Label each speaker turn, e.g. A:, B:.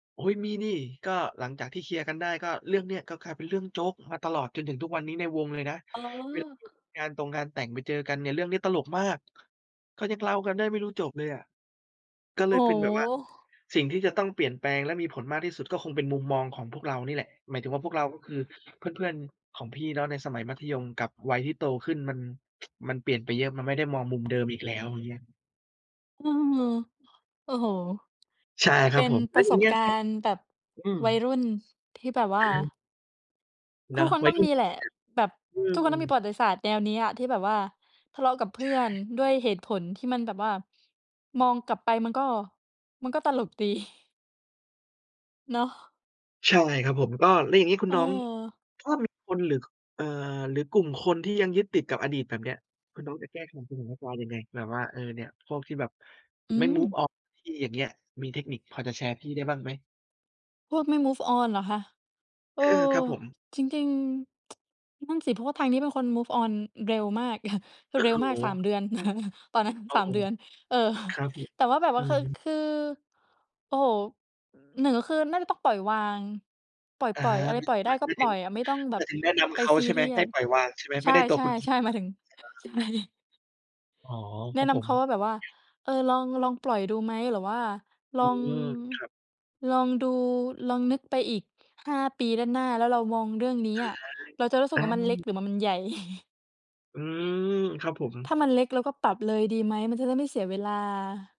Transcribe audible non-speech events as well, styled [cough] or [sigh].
A: โอ๊ย มีสิ ก็หลังจากที่เคลียร์กันได้ ก็เรื่องเนี้ย ก็กลายเป็นเรื่องโจ๊กมาตลอดจนถึงทุกวันนี้ในวงเลยนะ
B: อ๋อ
A: เวลาอยู่ในงานตงงานแต่งไปเจอกันเนี่ย เรื่องนี้ตลกมาก ก็ยังเล่ากันได้ไม่รู้จบเลยอะ ก็เ
B: โ
A: ล
B: อ
A: ย
B: ้
A: เป็น
B: โ
A: แบบว่า
B: ฮ
A: สิ่งที่จะต้องเปลี่ยนแปลงและมีผลมากที่สุดก็คงเป็นมุมมองของพวกเรานี่แหละ หมายถึงว่าพวกเรา ก็คือ เพื่อน ๆ ของพี่ แล้วในสมัยมัธยมกับวัยที่โตขึ้น มัน [tsk] มันเปลี่ยนไปเยอะ มันไม่ได้มองมุมเดิมอีกแล้ว อย่างเงี้ย
B: เออ โอ้โฮ
A: ใช่ค
B: เ
A: ร
B: ป
A: ับ
B: ็น
A: ผม แ
B: ป
A: ล้
B: ร
A: ว
B: ะ
A: อย
B: ส
A: ่าง
B: บ
A: เงี้ย
B: กา
A: ครับ
B: รณ์แบบ
A: อืม
B: วัยรุ่น ที่แบบว
A: อ
B: ่า
A: ะฮะ เน
B: ท
A: า
B: ุ
A: ะ
B: กคน
A: วั
B: ต้
A: ย
B: อง
A: รุ่
B: ม
A: น
B: ีแหล
A: จร
B: ะ แบบ
A: ิง ๆ อะ
B: ทุกค
A: อ
B: น
A: ื
B: ต้องมีป
A: ม
B: ระวัติศาสตร์แนวนี้อะ ที่แบบว่าทะเลาะกับเพ
A: ใช
B: ื
A: ่
B: ่อนด้วยเหตุผลที่มันแบบว่า มองกลับไปมันก็ มันก็ตลกดี [chuckles] เนาะ
A: ใช่ครับผม ก็ แล้วอย่างนี้คุณน้อง
B: เออ
A: ถ้ามีคนหรือ ค เอ่อ หรือกลุ่มคนที่ยังยึดติดกับอดีตแบบเนี้ย คุณน้องจะแก้ไขสถานการณ์ยังไง? แบบว่า เออ เนี่ย พวกที่แบบ
B: อื
A: ไม่ move
B: ม
A: on เสียที อย่างเงี้ย มีเทคนิคพอจะแชร์พี่ได้บ้างไหม?
B: พวกไม่ move on เหรอคะ เอ
A: เอ
B: อ
A: อ ครับผม
B: จริง ๆ [tsk] นั่นสิ เพราะว่าทางนี้เป็นคน move on อ เร็วมาก [chuckles]
A: โอ้
B: เร็
A: โ
B: วมาก 3
A: ฮ
B: เดือน [chuckles] ตอนนั้น
A: โอ้
B: สา
A: โฮ
B: ม เดือน เออ
A: คร
B: [chuckles]
A: ับผม
B: แต่ว่าแบบว
A: อื
B: ่า ค
A: อฮึ
B: คือ โอ้โฮ 1 ก็คือน่าจะต้องปล่อยวาง ปล
A: อา
B: ่อย ๆ อะ
A: ม
B: ไรปล่อย
A: ห
B: ไ
A: ม
B: ด้
A: าย
B: ก
A: ห
B: ็
A: มาย
B: ป
A: ถ
B: ล
A: ึ
B: ่
A: ง
B: อยอะ ไม่ต้องแ
A: ห
B: บ
A: มา
B: บ
A: ยถึงแนะน
B: ไ
A: ำ
B: ป
A: เขา
B: ซี
A: ใช่
B: เ
A: ไห
B: ร
A: ม
B: ีย
A: ให้
B: ส
A: ปล่อยวางใช่ไหม?
B: ใ
A: ไ
B: ช
A: ม่ใด้ตัวคุณเอง
B: ่ ๆ ๆ ห
A: เ
B: ม
A: น
B: า
A: า
B: ย
A: ะ
B: ถึง
A: อ
B: ใ
A: า
B: ช่
A: อ๋อ
B: แ
A: ค
B: น
A: ร
B: ะ
A: ับ
B: น
A: ผ
B: ำเ
A: ม
B: ขาว่าแบบว่า "เออ ลอง ลองปล่อยดูไหม? หรือว่า
A: อ
B: ล
A: ื
B: อง
A: ม ครับ
B: ลองดู ลองนึกไปอีก 5 ปีด้านหน้า แล้วเรามองเรื่องนี้
A: อา
B: อะ เราจะรู้สึ
A: อ
B: กว่ามันเล็ก
A: า
B: หรือมามันใหญ่?" [chuckles]
A: อืม ครับผม
B: ถ้ามันเล็กเราก็ปรับเลยดีไหม? มันจะได้ไม่เสียเวลา